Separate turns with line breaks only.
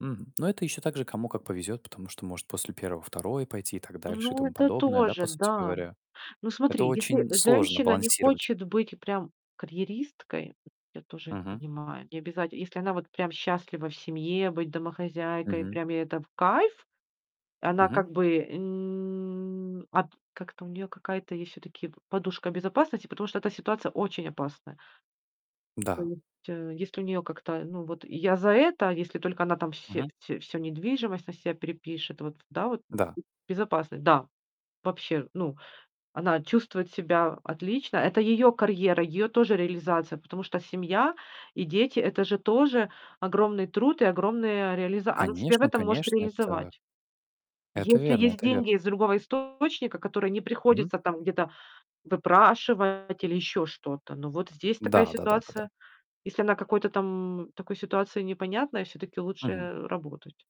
Мгм. Ну, это еще также кому как повезет. Потому что может после 1, 2 пойти и так дальше и
Ну
тому
это
подобное, да, по
тоже,
сути
да.
говоря.
Ну,
Это
смотри, если
очень сложно
женщина не
балансировать.
хочет быть прям карьеристкой, я тоже это
Мгм.
понимаю. Не обязать если она вот прям счастлива в семье, быть домохозяйкой,
Мгм.
прям ей это в кайф. Она,
Мгм.
как бы, м, от как там у неё, какая-то есть все-таки, п подушка безопасности, потому что эта ситуация очень опасная. То
Да.
есть, э, если у нее как-то Ну, вот я за это, если только она там
Мгм.
все всё всё недвижимость на себя перепишет, вот, да, вот?
Да.
Безопасность, да. Вообще, ну, она чувствует себя отлично, это ее карьера, ее тоже реализация. Потому что семья и дети- это же тоже огромный труд и огромная реализа Она себя в
Конечно
этом может
конечно. Это
реализовать.
это
Если
верно
есть
это
деньги
верно.
из другого источника, которые не
Мгм.
приходится там где-то выпрашивать или еще что-то. Ну, вот здесь такая
Да, да да да да.
ситуация. Если она какой-то там, в такой ситуации непонятной, все-таки лучше,
Мгм.
э, работать.